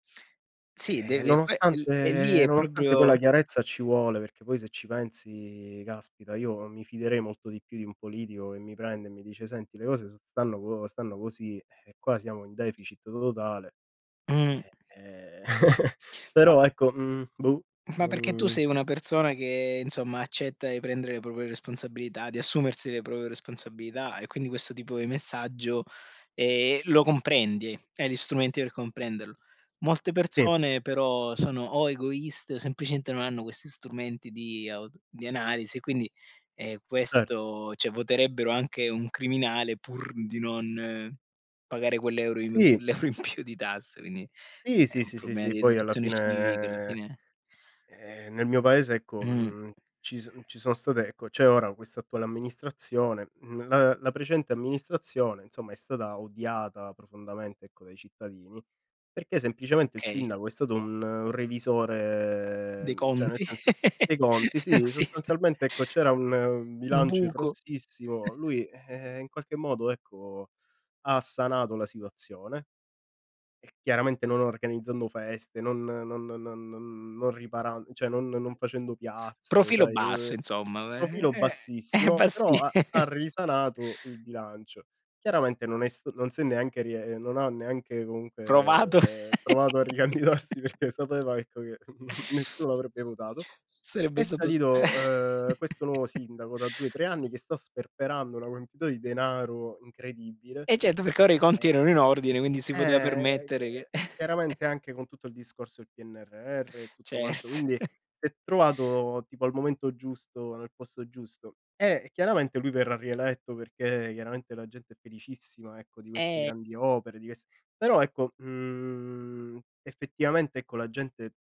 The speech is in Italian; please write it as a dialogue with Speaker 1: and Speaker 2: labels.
Speaker 1: Sì
Speaker 2: Ehm,
Speaker 1: deve beh è è lì,
Speaker 2: nonostante
Speaker 1: è
Speaker 2: nonostante poi
Speaker 1: proprio
Speaker 2: la chiarezza ci vuole, perché poi se ci pensi caspita, io mi fiderei molto di più di un politico che mi prende e mi dice: "Senti le cose s stanno co stanno così, ehm, qua siamo in deficit to totale."
Speaker 1: Mh.
Speaker 2: Eh ehm,
Speaker 1: Ma
Speaker 2: Però, ecco, mhmm, boh.
Speaker 1: ma perché tu
Speaker 2: Non
Speaker 1: sei una persona che, insomma, accetta e prendere le proprie responsabilità, di assumersi le proprie responsabilità e quindi questo tipo di messaggio, ehm, lo comprendi, hai gli strumenti per comprenderlo. Molte
Speaker 2: Si.
Speaker 1: persone però sono o egoiste o semplicemente non hanno questi strumenti di auto di analisi, quindi, ehm,
Speaker 2: Cer
Speaker 1: questo cioè voterebbero anche un criminale pur di non pagare quell'euro in
Speaker 2: Sì.
Speaker 1: l'euro in più di tasse, quindi
Speaker 2: Si,
Speaker 1: è
Speaker 2: sì,
Speaker 1: un
Speaker 2: sì sì
Speaker 1: problema di
Speaker 2: sì, poi alla
Speaker 1: educazione civica alla
Speaker 2: fine,
Speaker 1: fine.
Speaker 2: ehm, nel mio paese ecco,
Speaker 1: Mh.
Speaker 2: mhmm, ci son ci sono state ecco c'è ora questa attuale amministrazione, mhmm, la la precedente amministrazione insomma è stata odiata profondamente ecco dai cittadini, perché semplicemente il
Speaker 1: Okay.
Speaker 2: sindaco è stato un revisore,
Speaker 1: Dei
Speaker 2: mhmm, cioè nel
Speaker 1: conti.
Speaker 2: senso, dei conti, sì.
Speaker 1: Sì, sì.
Speaker 2: Sostanzialmente ecco c'era un un
Speaker 1: Un
Speaker 2: bilancio in
Speaker 1: buco.
Speaker 2: rossissimo, lui, ehm, in qualche modo ecco, ha sanato la situazione e chiaramente non organizzando feste, non non non riparan cioè non non facendo piazze,
Speaker 1: Profilo
Speaker 2: sai.
Speaker 1: basso insomma e
Speaker 2: Profilo
Speaker 1: e è
Speaker 2: bassissimo,
Speaker 1: bassi
Speaker 2: però ha ha risanato il bilancio. Chiaramente non è s non si è neanche rie ehm, non ha neanche
Speaker 1: Provato.
Speaker 2: comunque provato a ricandidarsi perché è stato detto che nessuno l'avrebbe votato.
Speaker 1: Sarebbe
Speaker 2: È
Speaker 1: stato spe
Speaker 2: salito, ehm, questo nuovo sindaco da 2, 3 anni che sta sperperando una quantità di denaro incredibile.
Speaker 1: E certo, perché ora i conti
Speaker 2: E,
Speaker 1: erano in ordine, quindi si poteva
Speaker 2: ehm, ehm,
Speaker 1: permettere che
Speaker 2: chiaramente anche con tutto il discorso del PNRR e tutto quanto,
Speaker 1: Cert
Speaker 2: quindi si è trovato tipo al momento giusto, nel posto giusto. E chiaramente lui verrà rieletto perché chiaramente la gente è felicissima ecco di queste
Speaker 1: Ehm
Speaker 2: grandi opere, di quest però ecco, mhmm, effettivamente ecco la gente